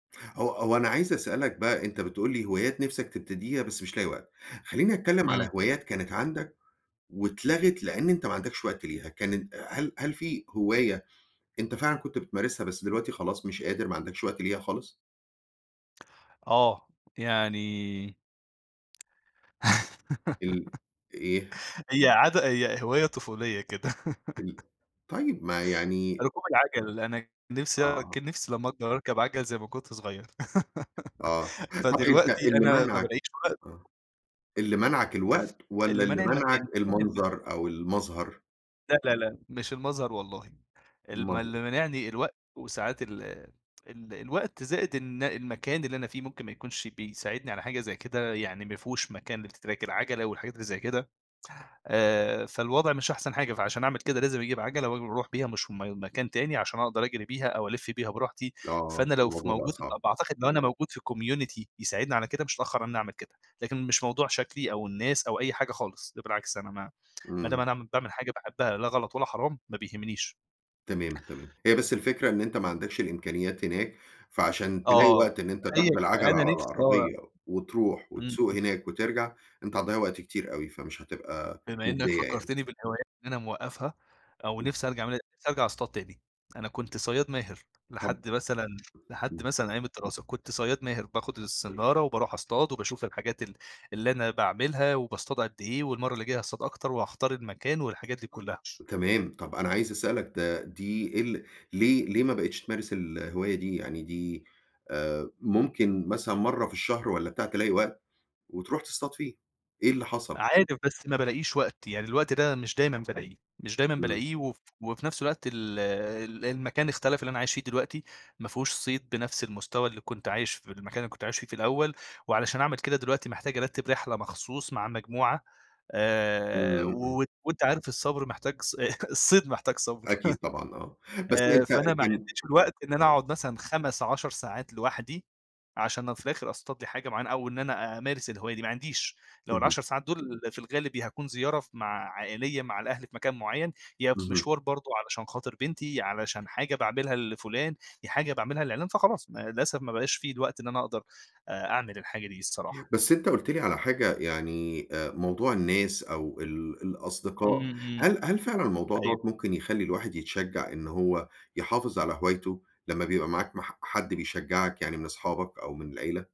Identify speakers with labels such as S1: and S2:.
S1: هو هو أنا عايز أسألك بقى، أنت بتقول لي هوايات نفسك تبتديها بس مش لاقي وقت. خلّيني اتكلّم
S2: إمم.
S1: على هوايات كانت عندك واتلغت، لإن أنت ما عندكش وقت ليها. كانت هل هل في هواية أنت فعلًا كنت بتمارسها، بس دلوقتي خلاص مش قادر، ما عندكش وقت ليها خالص؟
S2: آه، يعني
S1: ال إيه؟
S2: هي عادة هي هواية طفولية كده.
S1: ال طيب ما يعني
S2: ركوب العجل أنا كان نفسي آه
S1: آه.
S2: كان نفسي لما اكبر اركب عجل زي ما كنت صغير
S1: آه. طب أنت
S2: فدلوقتي
S1: اللي
S2: أنا ما
S1: مانعك
S2: بالاقيش وقت
S1: آه. اللي مانعك الوقت، والّا
S2: اللي
S1: اللي
S2: مانع
S1: مانعك
S2: المكان [unintelligible]
S1: المنظر أو المظهر؟
S2: لأ، لأ، لأ. مش المظهر والله ال ما
S1: أومال
S2: اللي
S1: إيه؟
S2: مانعني الوقت، وساعات ال ال الوقت، زائد إن المكان اللي أنا فيه ممكن ما يكونش بيساعدني على حاجة زي كده، يعني ما فيهوش مكان لtrack العَجلة، والحاجات اللي زي كده. آآ فالوضع مش أحسن حاجة، فعشان اعمل كده، لازم اجيب عَجلة واجي، واروح بيها مشم مكان تاني، عشان اقدر اجري بيها، أو الِف بيها براحتي.
S1: آه،
S2: فأنا لو ف
S1: فالموضوع بقى
S2: موجود ت
S1: صعب.
S2: باعتقد لو أنا موجود في community يساعدني على كده، مش هاتأخر على إني اعمل كده. لكن مش موضوع شكلي أو الناس أو أي حاجة خالص. ده بالعكس أنا ما ما دام
S1: إمم.
S2: أنا اعم باعمل حاجة باحبها، لا غلط ولا حرام، ما بيهمنيش.
S1: تمام، تمام .هي بس الفكرة إن أنت ما عندكش الإمكانيات هناك، فعشان تلاقي
S2: آه
S1: وقت إن أنت تاخد
S2: [unintelligible]
S1: العَجلة
S2: أنا
S1: على
S2: نفسي آه.
S1: العربية، وتروح،
S2: إمم،
S1: وتسوق
S2: إمم.
S1: هناك، وترجع، أنت هتضيّع وقت كتير أوي، فمش هتبقى
S2: بما إنك
S1: مُجدية يعني.
S2: فكّرتني بالهوايات اللي أنا موقفّها، أو
S1: [unintelligible]
S2: نفسي أرجع اعمل نفسي ارجع اصطاد تاني. أنا كنت صياد ماهر،
S1: طب
S2: لحد مثلًا لحد
S1: إمم.
S2: مثلًا أيام الدراسة. كنت صياد ماهر، باخد الصنارة، وباروح اصطاد، وباشوف الحاجات ال اللي أنا باعملها، وباصطاد قد إيه، والمرّة اللي جاية هاصطاد أكتر، وهاختار المكان، والحاجات دي كلها.
S1: تمام، طب أنا عايز أسألك ده دي ال ليه ليه ما بقيتش تمارس الهواية دي، يعني دي آآ ممكن مثلًا مرّة في الشهر والّا بتاع تلاقي وقت، وتروح تصطاد فيه. إيه اللي حصل؟
S2: عادي، بس ما بالاقيش وقت يعني الوقت ده مش دايمًا بالاقيه. مش دايمًا
S1: إمم.
S2: بالاقيه وف وفي نفس الوقت ال ال المكان اختلف اللي أنا عايش فيه دلوقتي. ما فيهوش صيد بنفس المستوى اللي كنت عايش في المكان اللي كنت عايش فيه في الأول. وعلشان اعمل كده دلوقتي محتاج ارتّب رحلة مخصوص مع مجموعة
S1: إمم،
S2: آآ
S1: إمم، إمم.
S2: وت وأنت عارف الصبر محتاج ص الصيد محتاج صبر.
S1: أكيد طبعًا آه. بس
S2: آآ
S1: أنت
S2: فأنا ما
S1: كان
S2: عنديش الوقت إن أنا
S1: آه.
S2: اقعد مثلًا 5، 10 ساعات لوحدي، عشان أنا في الآخر اصطاد لي حاجة معينة، أو إن أنا أمارس الهواية دي، ما عنديش. لو
S1: اهم.
S2: ال10 ساعات دول في الغالب يا هاكون زيارة ف مع عائلية مع الأهل في مكان معين، يا في
S1: اهم.
S2: مشوار برضه علشان خاطر بنتي، علشان حاجة باعملها لفُلان، يا حاجة باعملها لعِلّان فخلاص ما للأسف ما بقاش في الوقت إن أنا اقدر آآ أعمل الحاجة دي الصراحة.
S1: بس أنت قُلت لي على حاجة يعني آآ موضوع الناس أو ال الأصدقاء،
S2: إمم، إمم.
S1: هل -هل فعلًا الموضوع
S2: أيوه.
S1: دوّة ممكن يخلّي الواحد يتشجّع إن هو يحافظ على هوايته، لما بيبقى معاك مح حد بيشجّعك يعني من اصحابك، أو من العيلة؟